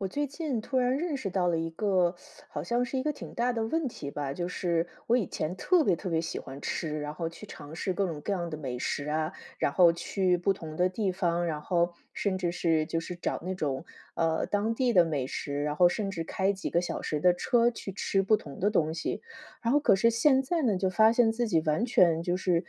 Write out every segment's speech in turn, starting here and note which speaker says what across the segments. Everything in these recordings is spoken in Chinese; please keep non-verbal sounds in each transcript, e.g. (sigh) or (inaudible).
Speaker 1: 我最近突然认识到了一个 (sucks teeth) 好像是一个挺大的问题吧，就是我以前特别特别喜欢吃，然后去尝试各种各样的美食啊，然后去不同的地方，然后甚至是就是找那种，呃，当地的美食，然后甚至开几个小时的车，去吃不同的东西。然后可是现在呢，就发现自己完全就是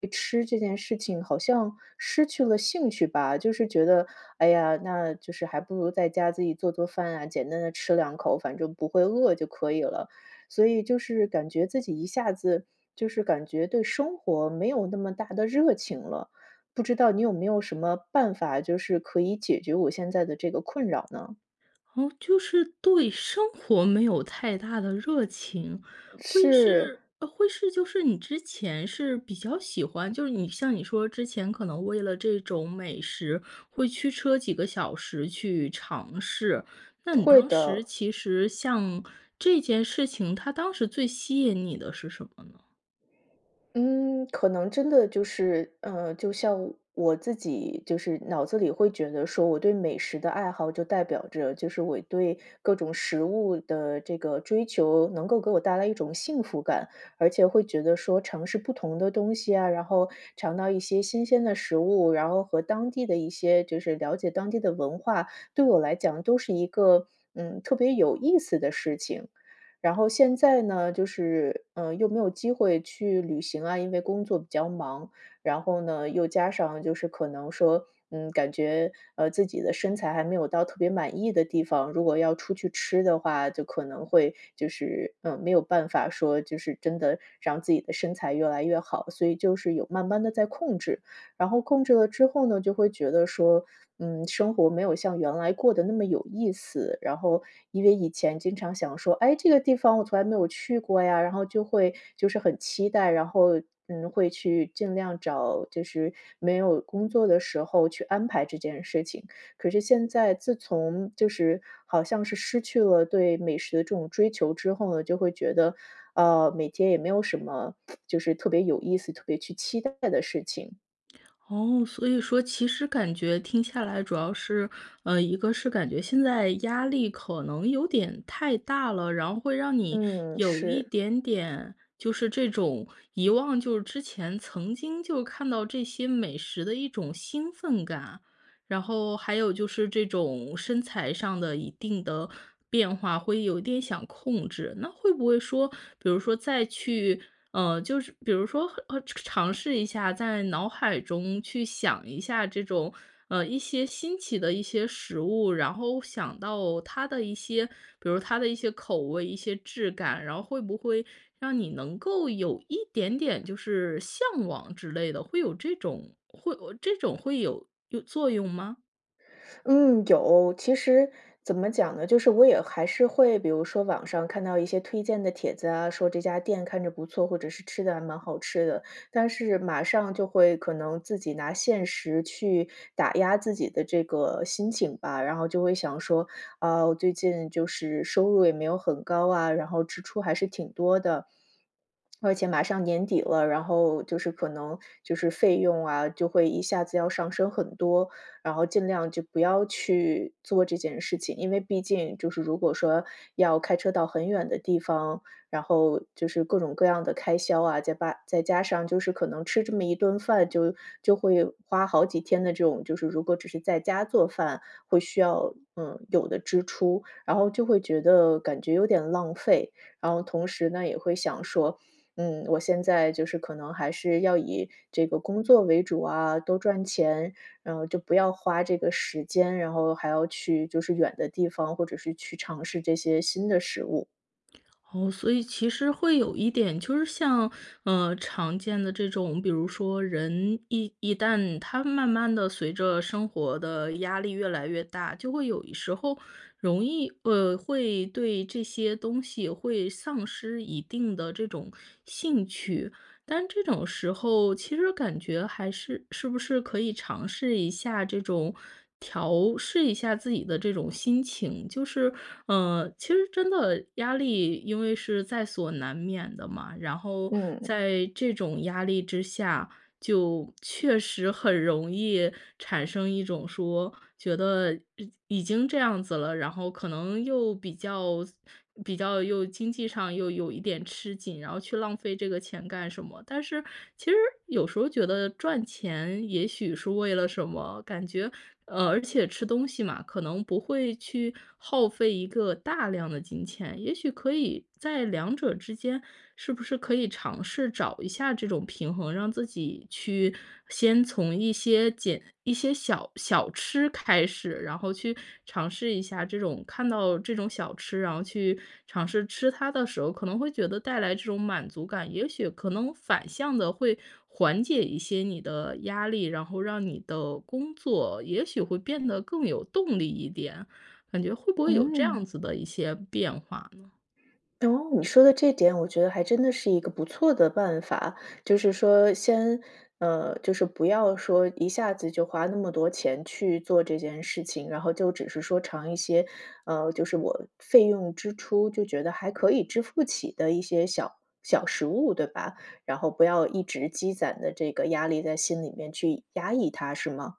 Speaker 1: 对吃这件事情，好像失去了兴趣吧。就是觉得：“哎呀，那就是还不如在家自己做做饭啊，简单地吃两口，反正不会饿就可以了。”所以就是感觉自己一下子就是感觉对生活，没有那么大的热情了，不知道你有没有什么办法，就是可以解决我现在的这个困扰呢？
Speaker 2: 哦，就是对生活没有太大的热情，会
Speaker 1: 是。
Speaker 2: 是呃会是就是你之前是比较喜欢，就是你像你说之前可能为了这种美食，会驱车几个小时去尝试，那你
Speaker 1: 会
Speaker 2: 当
Speaker 1: 的。
Speaker 2: 时其实像这件事情，它当时最吸引你的是什么呢？
Speaker 1: 嗯，可能真的就是呃，就像我我自己就是脑子里会觉得说，我对美食的爱好就代表着就是我对各种食物的这个追求，能够给我带来一种幸福感。而且会觉得说尝试不同的东西啊，然后尝到一些新鲜的食物，然后和当地的一些就是了解当地的文化，对我来讲都是一个，嗯，特别有意思的事情。然后现在呢，就是，呃，又没有机会去旅行啊，因为工作比较忙。然后呢，又加上就是可能说，嗯，感觉，呃，自己的身材还没有到特别满意的地方，如果要出去吃的话，就可能会就是，嗯，没有办法说，就是真的让自己的身材越来越好，所以就是有慢慢地在控制。然后控制了之后呢，就会觉得说：“嗯，生活没有像原来过得那么有意思。”然后因为以前经常想说：“哎，这个地方我从来没有去过呀。”然后就会就是很期待，然后，嗯，会去尽量找就是没有工作的时候去安排这件事情。可是现在，自从就是好像是失去了对美食的这种追求之后呢，就会觉得：“啊，每天也没有什么 (smacks lips) 就是特别有意思、特别去期待的事情。”
Speaker 2: 哦，所以说其实感觉听下来主要是，呃，一个是感觉现在压力可能有点太大了，然后会让你
Speaker 1: 嗯，
Speaker 2: 有一
Speaker 1: 是。
Speaker 2: 点点，就是这种，遗忘就是之前曾经就看到这些美食的一种兴奋感。然后还有就是这种身材上的一定的变化，会有点想控制。那会不会说，比如说再去呃，就是，比如说，哦，尝尝试一下，在脑海中去想一下这种呃，一些新奇的一些食物，然后想到它的一些比如它的一些口味、一些质感。然后会不会让你能够有一点点就是向往之类的，会有这种会呃这种会有有作用吗？
Speaker 1: 嗯，有。其实怎么讲呢，就是我也还是会比如说网上看到一些推荐的帖子啊，说这家店看着不错，或者是吃的还蛮好吃的，但是马上就会可能自己拿现实去打压自己的这个心情吧。然后就会想说：“啊，我最近就是收入也没有很高啊，然后支出还是挺多的。(tsk) 而且马上年底了，然后就是可能就是费用啊，就会一下子要上升很多，然后尽量就不要去做这件事情。”因为毕竟就是如果说要开车到很远的地方，然后就是各种各样的开销啊，再把再加上就是可能吃这么一顿饭就就会花好几天的这种就是如果只是在家做饭，会需要嗯，有的支出。然后就会觉得感觉有点浪费，然后同时呢，也会想说：“嗯，我现在就是可能还是要以这个工作为主啊，多赚钱。然后就不要花这个时间，然后还要去就是远的地方，或者是去尝试这些新的食物。”
Speaker 2: 哦，所以其实会有一点，就是像，呃，常见的这种，比如说人一一旦他慢慢地随着生活的压力越来越大，就会有时候容易呃，会对这些东西会丧失一定的这种兴趣。但这种时候其实感觉还是是不是可以尝试一下这种，调试一下自己的这种心情。就是，呃其实真的压力因为是在所难免的嘛，然后
Speaker 1: 嗯。
Speaker 2: 在这种压力之下，就确实很容易产生一种说，觉得已已经这样子了，然后可能又比较比较又经济上又有一点吃紧，然后去浪费这个钱干什么。但是其实有时候儿觉得赚钱也许是为了什么感觉呃，而且吃东西嘛，可能不会去耗费一个大量的金钱，也许，可以在两者之间是不是可以尝试找一下这种平衡，让自己去，先从一些减一些小小吃开始。然后去尝试一下这种看到这种小吃，然后去尝试吃它的时候，可能会觉得带来这种满足感，也许可能反向地会缓解一些你的压力，然后让你的工作也许会变得更有动力一点，感觉会不会有这
Speaker 1: 嗯。
Speaker 2: 样子的一些变化呢？
Speaker 1: 哦，你说的这点，我觉得还真的是一个不错的办法。就是说先呃，就是不要说一下子就花那么多钱去做这件事情，然后就只是说尝一些呃，就是我费用支出，就觉得还可以支付起的一些小小食物，对吧？然后不要一直积攒的这个压力，在心里面去压抑它，是吗？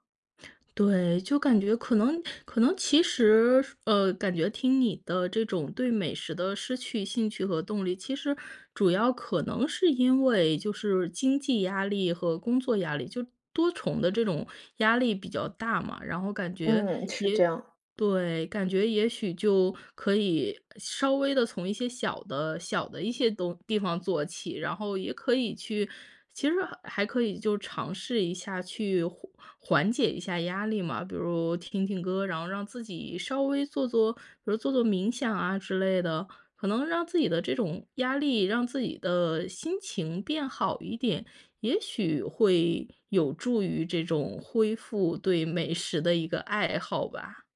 Speaker 2: 对，就感觉可能可能其实呃，感觉听你的这种对美食的失去兴趣和动力，其实，主要可能是因为就是经济压力和工作压力，就多重的这种压力比较大嘛。然后感觉
Speaker 1: 嗯，是
Speaker 2: 也
Speaker 1: 这样。
Speaker 2: 对，感觉也许就可以，稍微地从一些小的小的一些东地方做起。然后也可以去其实还可以就尝试一下去缓缓解一下压力嘛。比如听听歌儿，然后让自己稍微做做比如做做冥想啊之类的。可能让自己的这种压力、让自己的心情变好一点，也许会，有助于这种恢复对美食的一个爱好吧。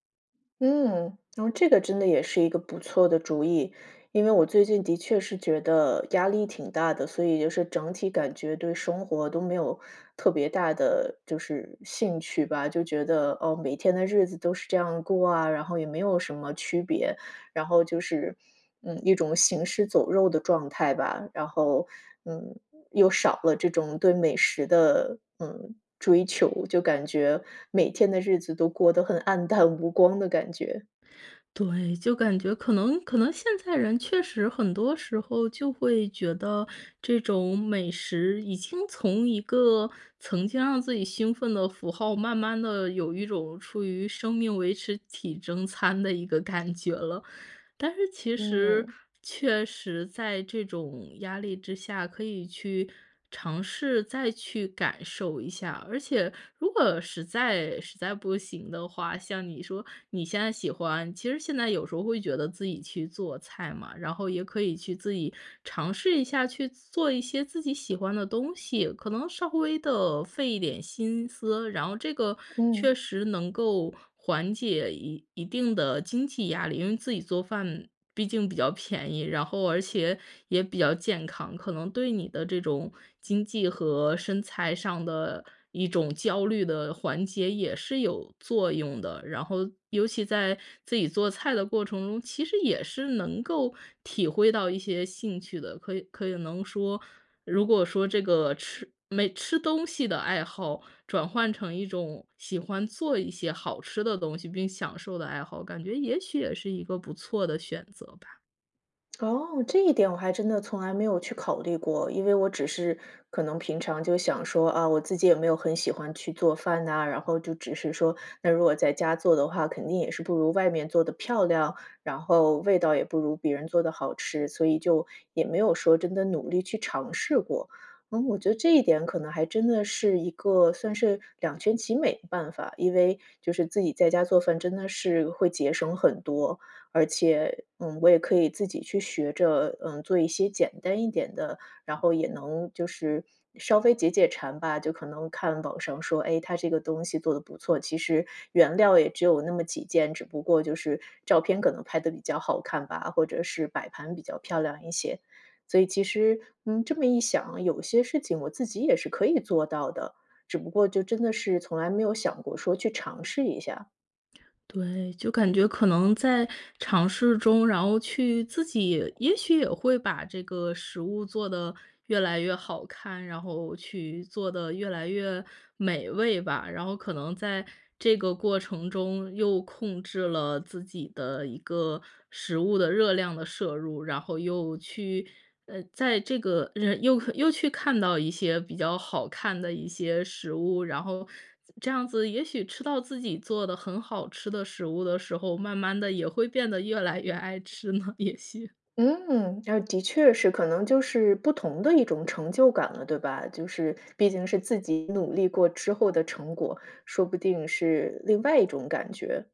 Speaker 1: 嗯，然后这个真的也是一个不错的主意。因为我最近的确是觉得，压力挺大的，所以就是整体感觉对生活都没有特别大的，就是兴趣吧，就觉得：“哦，每天的日子都是这样过啊，然后也没有什么区别“。然后就是嗯，一种行尸走肉的状态吧。然后，嗯，又少了这种对美食的，嗯，追求，就感觉每天的日子都过得很黯淡无光的感觉。
Speaker 2: 对，就感觉可能可能现在人确实很多时候就会觉得，这种美食已经从一个曾经让自己兴奋的符号，慢慢地有一种出于生命维持体征餐的一个感觉了。但是其实
Speaker 1: 嗯。
Speaker 2: 确实，在这种压力之下，可以去尝试再去感受一下。而且如果实在实在不行的话，像你说你现在喜欢其实现在有时候会觉得自己去做菜嘛，然后也可以去自己尝试一下去做一些自己喜欢的东西，可能稍微地费一点心思。然后这个确
Speaker 1: 嗯。
Speaker 2: 实能够缓解一一定的经济压力，因为自己做饭，毕竟比较便宜，然后而且也比较健康，可能对你的这种经济和身材上的一种焦虑的缓解也是有作用的。然后尤其在自己做菜的过程中，其实也是能够体会到一些兴趣的，可以可以能说如果说这个吃没吃东西的爱好，转换成一种喜欢做一些好吃的东西并享受的爱好，感觉也许也是一个不错的选择吧。
Speaker 1: 哦，这一点我还真的从来没有去考虑过，因为我只是可能平常就想说，啊，我自己也没有很喜欢去做饭呐，然后就只是说，那如果在家做的话，肯定也是不如外面做得漂亮，然后味道也不如别人做得好吃，所以就也没有说真的努力去尝试过。嗯，我觉得这一点可能还真的是一个算是两全其美的办法，因为就是自己在家做饭，真的是会节省很多。而且，嗯，我也可以自己去学着，嗯，做一些简单一点的，然后也能就是稍微解解馋吧，就可能看网上说，哎，它这个东西做的不错，其实原料也只有那么几件，只不过就是照片可能拍得比较好看吧，或者是摆盘比较漂亮一些。所以其实嗯，这么一想，有些事情我自己也是可以做到的，只不过就真的是从来没有想过说去尝试一下。
Speaker 2: 对，就感觉可能在尝试中，然后去自己也许也会把这个食物做得越来越好看，然后去做得越来越美味吧。然后可能在这个过程中，又控制了自己的一个食物的热量的摄入，然后又去呃，在这个人又又去看到一些比较好看的一些食物。然后，这样子也许吃到自己做的很好吃的食物的时候，慢慢地也会变得越来越爱吃呢，也许。
Speaker 1: 嗯，啊，的确是。可能就是不同的一种成就感了，对吧？就是毕竟是自己努力过之后的成果，说不定是另外一种感觉。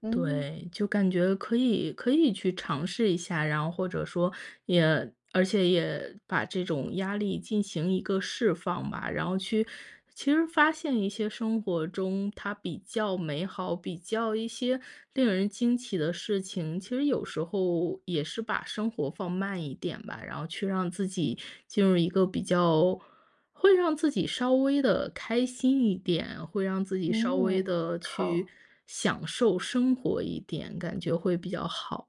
Speaker 1: 嗯。
Speaker 2: 对，就感觉可以可以去尝试一下，然后或者说，也而且也把这种压力进行一个释放吧。然后去其实发现一些生活中，它比较美好，比较一些令人惊奇的事情，其实有时候也是把生活放慢一点吧。然后去让自己进入一个比较会让自己稍微地开心一点，会让自己稍微
Speaker 1: 嗯，
Speaker 2: 地去
Speaker 1: 好。
Speaker 2: 享受生活一点，感觉会比较好。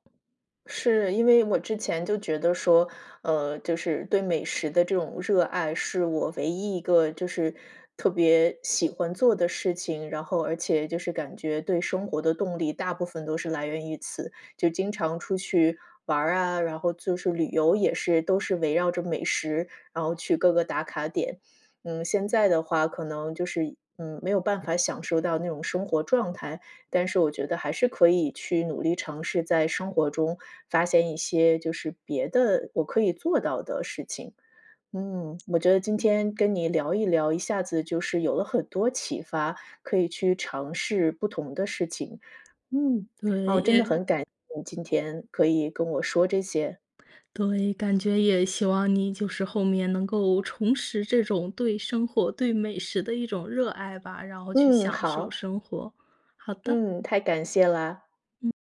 Speaker 1: 是。因为我之前就觉得说，呃，就是对美食的这种热爱，是我唯一一个就是特别喜欢做的事情，然后而且就是感觉对生活的动力，大部分都是来源于此。就经常出去玩儿啊，然后就是旅游也是，都是围绕着美食，然后去各个打卡点。嗯，现在的话可能就是嗯，没有办法享受到那种生活状态。但是我觉得还是可以去努力尝试，在生活中发现一些就是别的我可以做到的事情。嗯，我觉得今天跟你聊一聊，一下子就是有了很多启发，可以去尝试不同的事情。嗯，啊，
Speaker 2: 对，
Speaker 1: 我真的
Speaker 2: 也
Speaker 1: 很
Speaker 2: 感
Speaker 1: 感谢今天可以跟我说这些。
Speaker 2: 对，感觉也希望你，就是后面能够重拾这种对生活、对美食的一种热爱吧，然后去
Speaker 1: 嗯，
Speaker 2: 享受
Speaker 1: 好。
Speaker 2: 生活，好的。
Speaker 1: 嗯，太感谢了。
Speaker 2: 嗯。